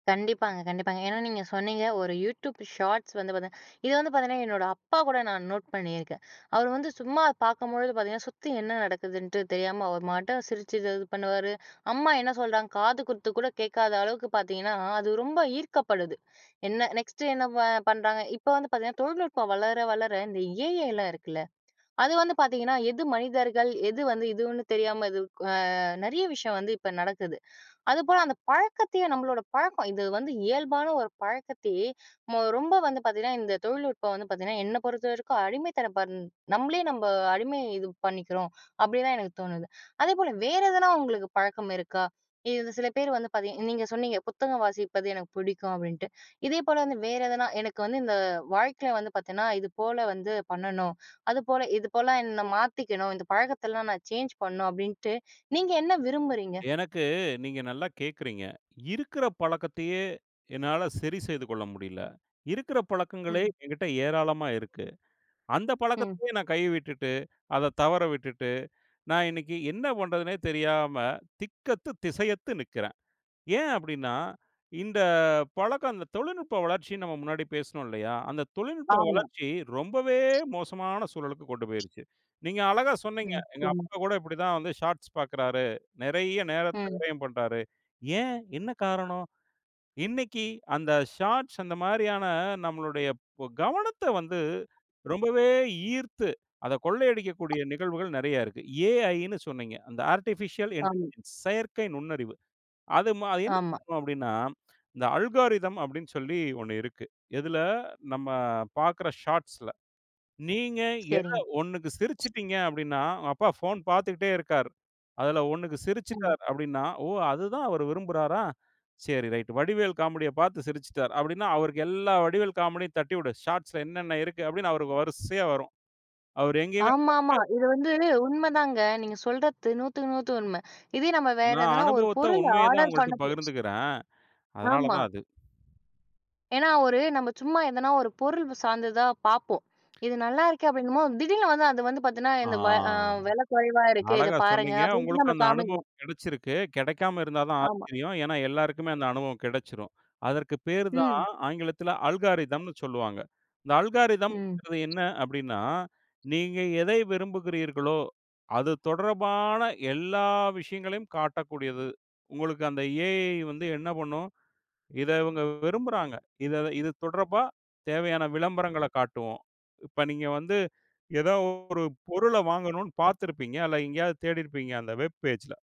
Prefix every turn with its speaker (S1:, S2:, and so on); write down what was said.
S1: கண்டிப்பாங்க, கண்டிப்பாங்க. ஏன்னா நீங்க சொன்னீங்க ஒரு YouTube ஷார்ட்ஸ் வந்து பார்த்தீங்க இது வந்து பாத்திங்கன்னா என்னோட அப்பா கூட நான் நோட் பண்ணியிருக்கேன். அவர் வந்து சும்மா பார்க்கும்பொழுது பாத்திங்கன்னா சுத்தி என்ன நடக்குதுன்ட்டு தெரியாம அவர் மாட்ட சிரிச்சு, இது பண்ணுவாரு. அம்மா என்ன சொல்றாங்க காது குத்து கூட கேட்காத அளவுக்கு பார்த்திங்கன்னா அது ரொம்ப ஈர்க்கப்படுது. என்ன நெக்ஸ்ட்டு என்ன பண்ணுறாங்க? இப்போ வந்து பார்த்திங்கன்னா தொழில்நுட்பம் வளர, வளர இந்த AIலாம் இருக்குல்ல அது வந்து பார்த்திங்கன்னா எது மனிதர்கள் எது வந்து இதுன்னு தெரியாம இது அ நிறைய விஷயம் வந்து இப்போ நடக்குது அதுபோல் அந்த பழக்கத்தையே நம்மளோட பழக்கம் இது வந்து இயல்பான ஒரு பழக்கத்தையே ம ரொம்ப வந்து பார்த்திங்கன்னா இந்த தொழில்நுட்பம் வந்து பார்த்திங்கன்னா, என்னை பொறுத்த வரைக்கும் அடிமைத்தனம் நம்மளே நம்ம அடிமை இது பண்ணிக்கிறோம். அப்படிதான் எனக்கு தோணுது. அதேபோல வேறு எதனா உங்களுக்கு பழக்கம் இருக்கா? இது சில பேர் வந்து பார்த்திங்க நீங்க சொன்னீங்க "புத்தகம் வாசிப்பது எனக்கு பிடிக்கும்." அப்படின்ட்டு இதே போல் வந்து வேறு எதனா எனக்கு வந்து இந்த வாழ்க்கையில வந்து பார்த்தேன்னா இதுபோல வந்து பண்ணணும். அதுபோல இதுபோல என்னை மாத்திக்கணும் "இந்த பழக்கத்தலாம் நான் சேஞ்ச் பண்ணணும்." அப்படின்ட்டு நீங்க என்ன விரும்புறீங்க?
S2: எனக்கு நீங்க நல்லா கேட்கறீங்க. இருக்கிற பழக்கத்தையே என்னால சரி செய்து கொள்ள முடியல. இருக்கற பழக்கங்களே
S1: ம்.
S2: என்கிட்ட ஏராளமா இருக்கு. அந்த
S1: ம்.
S2: பழக்கத்தையே நான் கை விட்டுட்டு அதை தவற விட்டுட்டு நான் இன்னைக்கு என்ன பண்ணுறதுன்னே தெரியாம திக்கத்து திசையத்து நிக்கிறேன். ஏன் அப்படின்னா, இந்த பழக்கம் தொழில்நுட்ப வளர்ச்சின்னு நம்ம முன்னாடி பேசினோம் இல்லையா, அந்த தொழில்நுட்ப
S1: ஆமா.
S2: வளர்ச்சி ரொம்பவே மோசமான சூழலுக்கு கொண்டு போய்டுச்சு. நீங்க அழகா சொன்னீங்க.
S1: ம்.
S2: "எங்க
S1: [unintelligible]
S2: அப்பா கூட இப்படி தான் வந்து ஷார்ட்ஸ் பார்க்கிறாரு. நிறைய நேரத்தை
S1: ம்
S2: விரயம் பண்ணுறாரு." ஏன் என்ன காரணம் இன்றைக்கு அந்த ஷார்ட்ஸ் அந்த மாதிரியான நம்முடைய கவனத்தை வந்து ரொம்பவே ஈர்த்து அத கொள்ளையடிக்கக்கூடிய நிகழ்வுகள் நிறைய இருக்கு. AIன்னு சொன்னீங்க. அந்த ஆர்டிபிஷியல்
S1: அம்.
S2: இன்இன்டெலிஜென்ஸ் செயற்கை நுண்ணறிவு. அது என்ன
S1: ஆமா.
S2: பண்ணும் அப்படின்னா, இந்த அல்கோரித்ம் அப்படின்னு சொல்லி ஒண்ணு இருக்கு. இதில நம்ம பாக்கற ஷாட்ஸ்ல நீங்க எதை
S1: சரிங்க.
S2: ஒண்ணுக்கு சிரிச்சுட்டீங்க அப்படின்னா, உங்க அப்பா போன் பார்த்துட்டே இருக்காரு. அதில ஒண்ணுக்கு
S1: ம்.
S2: சிரிச்சுட்டாரு அப்படின்னா, "ஓ! அதுதான் அவர் விரும்புறாரா?" சரி ரைட் வடிவேல் காமெடி பார்த்து சிரிச்சுட்டார் அப்படின்னா, அவருக்கு எல்லா வடிவேல் காமெடியும் தட்டிவிடு ஷார்ட்ஸ்ல என்னன்ன இருக்கு அப்படின்னு அவருக்கு வரிசையா வரும். அவர் எங்கயுமே போக
S1: ஆமாமா.
S2: முடியாது.
S1: இது வந்து உண்மைதாங்க. நீங்க சொல்றத்து 100/ 100 உண்மை. இதே நம்ம வேறு
S2: நான்
S1: எதனா ஒரு
S2: அனுபவத்த
S1: பொருள்
S2: உண்மைய தான்
S1: ஆர்டர்
S2: உங்கள்கிட்ட
S1: பண்ணோம்.
S2: பகிர்ந்துக்கிறேன். அதனால
S1: ஆமா.
S2: தான் அது.
S1: ஏன்னா, ஒரு நம்ம சும்மா எதனா ஒரு பொருள் சார்ந்ததா பார்ப்போம். இது நல்லா இருக்கு அப்படின்னும்போது திடீர்னு வந்து அது வந்து பார்த்திங்கன்னா,
S2: ஆ.
S1: இந்த வ அ விலை குறைவா இருக்கு. இத
S2: அழகா
S1: பாருங்க
S2: சொன்னீங்க.
S1: அப்படின்ட்டு.
S2: உங்களுக்கு
S1: நம்மளுக்கு
S2: அந்த அனுபவம்
S1: காமிக்கும்.
S2: கிடைச்சிருக்கு கிடைக்காம இருந்தா தான்
S1: ஆமா.
S2: ஆச்சரியம். ஏன்னா எல்லாருக்குமே அந்த அனுபவம் கிடைச்சிடும். அதற்கு பேர் தான்
S1: ம்.
S2: ஆங்கிலத்தில் அல்காரிதம்னு சொல்லுவாங்க. இந்த
S1: ம்.
S2: அல்காரிதம்ங்கிறது என்ன அப்படின்னா, நீங்க எதை விரும்புகிறீர்களோ, அது தொடர்பான எல்லா விஷயங்களையும் காட்டக்கூடியது. உங்களுக்கு அந்த AI வந்து என்ன பண்ணும், இதை இவங்க விரும்புகிறார்கள். இது தொடர்பா தேவையான விளம்பரங்கள காட்டுவோம். இப்போ நீங்க வந்து ஏதோ ஒரு பொருள வாங்கணும்ன்னு பார்த்திருப்பீங்க அல்ல எங்கேயாவது தேடிருப்பீங்க அந்த வெப் பேஜ்ல.